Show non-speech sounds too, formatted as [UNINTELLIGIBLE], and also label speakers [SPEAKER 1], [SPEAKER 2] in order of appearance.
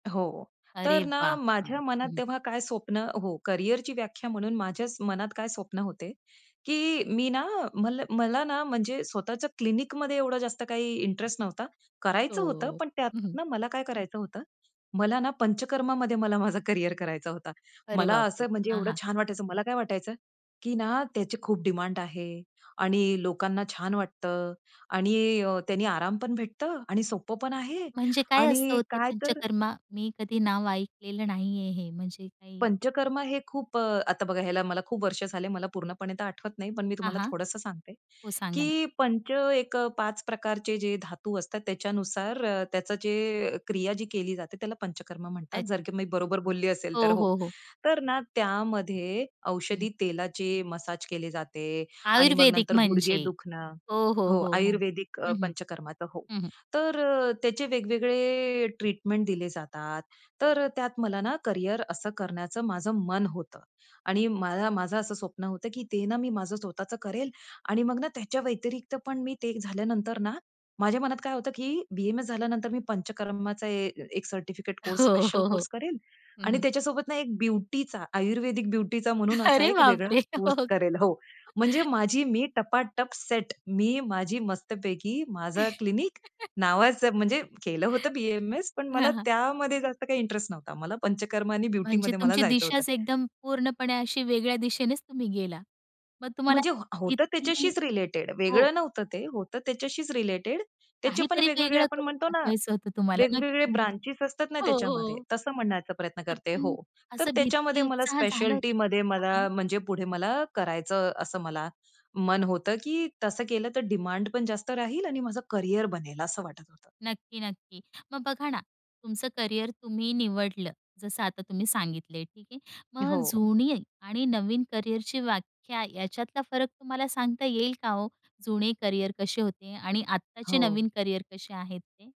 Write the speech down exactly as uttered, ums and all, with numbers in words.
[SPEAKER 1] हो.
[SPEAKER 2] अरे
[SPEAKER 1] तर
[SPEAKER 2] वाह!
[SPEAKER 1] ना
[SPEAKER 2] हं,
[SPEAKER 1] माझ्या मनात
[SPEAKER 2] हं.
[SPEAKER 1] तेव्हा काय स्वप्न हो. करियरची व्याख्या म्हणून स माझ्या मनात काय स्वप्न होते, की मी ना, मला ना म्हणजे स्वतःच्या क्लिनिकमध्ये एवढं जास्त काही इंटरेस्ट नव्हता. करायचं होतं,
[SPEAKER 2] हो.
[SPEAKER 1] पण
[SPEAKER 2] हं, हं.
[SPEAKER 1] त्यातनं मला काय करायचं होतं? मला ना पंचकर्मामध्ये मला माझं करियर करायचं होता.
[SPEAKER 2] अरे
[SPEAKER 1] मला
[SPEAKER 2] बापरे!
[SPEAKER 1] असं म्हणजे
[SPEAKER 2] हां,
[SPEAKER 1] एवढं
[SPEAKER 2] हां.
[SPEAKER 1] छान वाटायचं, मला काय वाटायचं, की ना त्याची खूप डिमांड आहे आणि लोकांना छान वाटतं आणि त्यानं अ, आराम पण भेटतो आणि सोपं पण आहे.
[SPEAKER 2] म्हणजे काय असं
[SPEAKER 1] आणि
[SPEAKER 2] हो ते
[SPEAKER 1] काय तर
[SPEAKER 2] पंचकर्मा मी कधी नाव ऐकलेलं नाहीये हे. म्हणजे काही
[SPEAKER 1] पंचकर्म हे खूप अ, आता बघा, ह्याला मला खूप वर्षे झाली. मला पूर्णपणे तर आठवत नाही, पण मी
[SPEAKER 2] हां,
[SPEAKER 1] तुम्हाला
[SPEAKER 2] हां.
[SPEAKER 1] थोडंसं सांगते,
[SPEAKER 2] हो, सांगा ना.
[SPEAKER 1] की पंच एक अ, पाच प्रकारचे जे धातू असतात, त्याच्यानुसार त्याची जे क्रिया केली जाते, त्याला पंचकर्म म्हणतात.
[SPEAKER 2] अच्छा.
[SPEAKER 1] जर मी बरोबर बोलली असेल तर
[SPEAKER 2] हो,
[SPEAKER 1] हो.
[SPEAKER 2] हो, हो.
[SPEAKER 1] तर ना त्यामध्ये
[SPEAKER 2] हं.
[SPEAKER 1] औषधी तेलाचे मसाज केले जाते आणि मग
[SPEAKER 2] आयुर्वेदिक
[SPEAKER 1] नंतर गुडघे
[SPEAKER 2] म्हणजे.
[SPEAKER 1] दुखणं
[SPEAKER 2] हो, हो,
[SPEAKER 1] हो,
[SPEAKER 2] हो, हो.
[SPEAKER 1] आयुर्वेदिक अ,
[SPEAKER 2] हं, हं.
[SPEAKER 1] पंचकर्माचं. हो.
[SPEAKER 2] हं, हं.
[SPEAKER 1] तर अ, त्याचे वेगवेगळे ट्रीटमेंट दिले जातात. तर त्यात मला ना करियर असं करण्याचं माझं मन होतं आणि मला माझं असं स्वप्न होतं, की ते ना मी माझं स्वतःचं करेल आणि मग ना त्याच्या व्यतिरिक्त पण मी ते झाल्यानंतर ना, माझ्या मनात काय होतं, की बी-ए-एम-एस झाल्यानंतर मी पंचकर्माचा एक सर्टिफिकेट कोर्स,
[SPEAKER 2] हो,
[SPEAKER 1] स्पेशल
[SPEAKER 2] हो, हो.
[SPEAKER 1] कोर्स करेल
[SPEAKER 2] हं,
[SPEAKER 1] आणि
[SPEAKER 2] हं.
[SPEAKER 1] त्याच्यासोबत ना एक ब्युटीचा, आयुर्वेदिक ब्युटीचा म्हणून असा
[SPEAKER 2] अरे
[SPEAKER 1] एक वेगळा
[SPEAKER 2] बापरे!
[SPEAKER 1] कोर्स
[SPEAKER 2] [UNINTELLIGIBLE]
[SPEAKER 1] करेल. हो, म्हणजे
[SPEAKER 2] [CHUCKLES]
[SPEAKER 1] माझी मी टपाटप सेट, मी माझी मस्तपैकी माझं क्लिनिक,
[SPEAKER 2] [CHUCKLES]
[SPEAKER 1] नावाचं म्हणजे केलं होतं बी-ए-एम-एस, पण मला
[SPEAKER 2] हां, हां.
[SPEAKER 1] त्यामध्ये जास्त काही इंटरेस्ट नव्हता. मला पंचकर्म आणि
[SPEAKER 2] म्हणजे
[SPEAKER 1] ब्युटीमध्ये मला
[SPEAKER 2] तुमची
[SPEAKER 1] जायचं होतं.
[SPEAKER 2] दिशाच एकदम पूर्णपणे अशी वेगळ्या दिशेनेच तुम्ही गेला. मग तुम्हाला
[SPEAKER 1] म्हणजे ह होतं
[SPEAKER 2] किती
[SPEAKER 1] त्याच्याशीच रिलेटेड,
[SPEAKER 2] हो.
[SPEAKER 1] वेगळं नव्हतं ते, होतं त्याच्याशीच रिलेटेड. त्याचे पण
[SPEAKER 2] काहीतरी
[SPEAKER 1] वेगवेगळे
[SPEAKER 2] वेगळं
[SPEAKER 1] आपण
[SPEAKER 2] करून
[SPEAKER 1] म्हणतो ना,
[SPEAKER 2] दाखवायचं होतं तुम्हाला
[SPEAKER 1] वेगवेगळे
[SPEAKER 2] [UNINTELLIGIBLE]
[SPEAKER 1] ब्रांचेस असतात ना
[SPEAKER 2] हो,
[SPEAKER 1] त्याच्यामध्ये
[SPEAKER 2] हो.
[SPEAKER 1] तसं म्हणायचा प्रयत्न करते, हो.
[SPEAKER 2] [UNINTELLIGIBLE]
[SPEAKER 1] तर
[SPEAKER 2] असं भीती
[SPEAKER 1] त्याच्यामध्ये मला
[SPEAKER 2] उत्साह झालं होतं का?
[SPEAKER 1] स्पेशलिटीमध्ये मला
[SPEAKER 2] [UNINTELLIGIBLE]
[SPEAKER 1] म्हणजे पुढे मला करायचं असं मला मन होतं, की तसं केलं तर डिमांड पण जास्त राहील आणि माझं करियर बनेल असं वाटत होतं.
[SPEAKER 2] नक्की, नक्की. मग बघा ना तुमचं करियर तुम्ही निवडलं. जसं आता तुम्ही सांगितलं आहे, ठीक आहे. मग
[SPEAKER 1] हो.
[SPEAKER 2] जुनी आणि नवीन करियरची व्याख्या याच्यातला फरक तुम्हाला सांगता येईल का हो, जुनी करियर कशी होती आणि आत्ताची
[SPEAKER 1] हो.
[SPEAKER 2] नवीन करियर कशी आहेत ते?